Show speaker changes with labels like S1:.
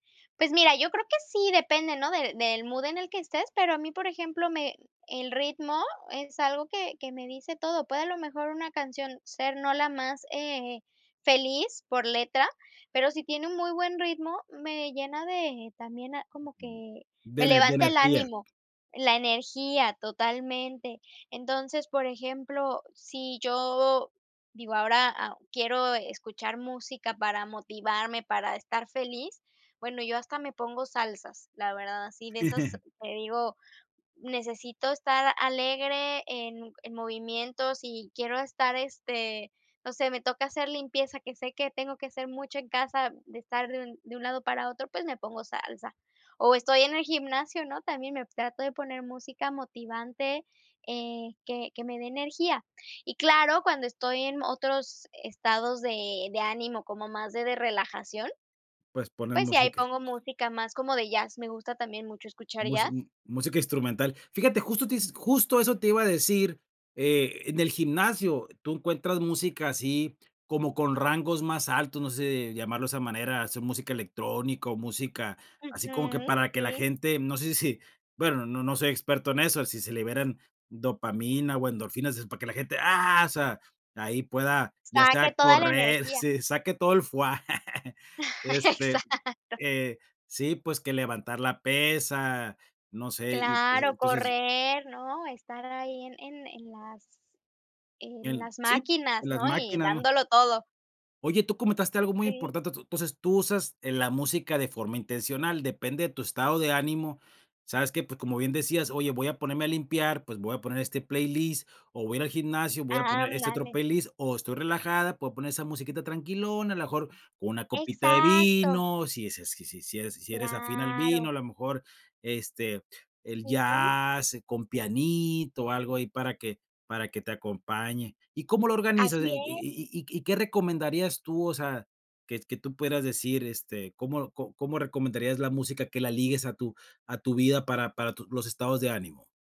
S1: Pues mira, yo creo que sí, depende, ¿no?, de del mood en el que estés, pero a mí, por ejemplo, me el ritmo es algo que que me dice todo. Puede a lo mejor una canción ser no la más, eh, feliz por letra, pero si tiene un muy buen ritmo, me llena de también a como que
S2: De
S1: me
S2: ene de
S1: levanta el
S2: energía.
S1: ánimo la energía, totalmente. Entonces, por ejemplo, si yo, digo, ahora, ah, quiero escuchar música para motivarme, para estar feliz, bueno, yo hasta me pongo salsas, la verdad, así de esas que digo: "Necesito estar alegre en en movimiento". Si quiero estar, este no sé, me toca hacer limpieza, que sé que tengo que hacer mucho en casa, de estar de un de un lado para otro, pues me pongo salsa. O estoy en el gimnasio, ¿no? También me trato de poner música motivante, eh, que que me dé energía. Y claro, cuando estoy en otros estados de de ánimo como más de de relajación,
S2: Pues poner
S1: pues sí, ahí
S2: música.
S1: pongo música más como de jazz, me gusta también mucho escuchar
S2: Mus
S1: jazz.
S2: m música instrumental. Fíjate, justo te is justo eso te iba a decir. Eh, en el gimnasio tú encuentras música así como con rangos más altos, no sé, llamarlo de esa manera sea música electrónica o música, así como que
S1: Ujú,
S2: para que la
S1: sí.
S2: gente no sé si bueno, no no soy experto en eso, si se liberen dopamina o endorfinas, es para que la gente, ¡ah!, o sea, ahí pueda, ya
S1: Saque
S2: sea
S1: toda la
S2: correr
S1: energía.
S2: sí, saque todo el fuá. Este,
S1: Exacto.
S2: eh, sí, pues que levantar la pesa, no sé, y, pues,
S1: Claro,
S2: entonces
S1: correr, ¿no? Estar ahí en en en las en
S2: el
S1: las
S2: sí,
S1: máquinas,
S2: las
S1: ¿no? Y
S2: máquinas, ¿no?
S1: dándolo todo.
S2: Oye, tú comentaste algo muy
S1: Sí.
S2: importante, tú entonces tú usas, eh, la música de forma intencional, depende de tu estado de ánimo. ¿Sabes qué? Pu como bien decías: "Oye, voy a ponerme a limpiar, pues voy a poner este playlist, o voy ir al gimnasio, voy a poner este otro
S1: Ándale.
S2: playlist, o estoy relajada, puedo poner esa musiquita tranquilona, a lo mejor con una copita de
S1: Exacto.
S2: vino". Si es eh, si si si eres si eres afín al vino,
S1: Claro.
S2: a lo mejor, este, el
S1: Sí.
S2: jazz, eh, con pianito, algo ahí para que para que te acompañe. ¿Y cómo lo organizas
S1: Así
S2: en y
S1: es.
S2: y y y qué recomendarías tú, o sea, que que tú puedas decir, este, cómo co cómo recomendarías la música que la ligues a tu a tu vida para para tu los estados de ánimo?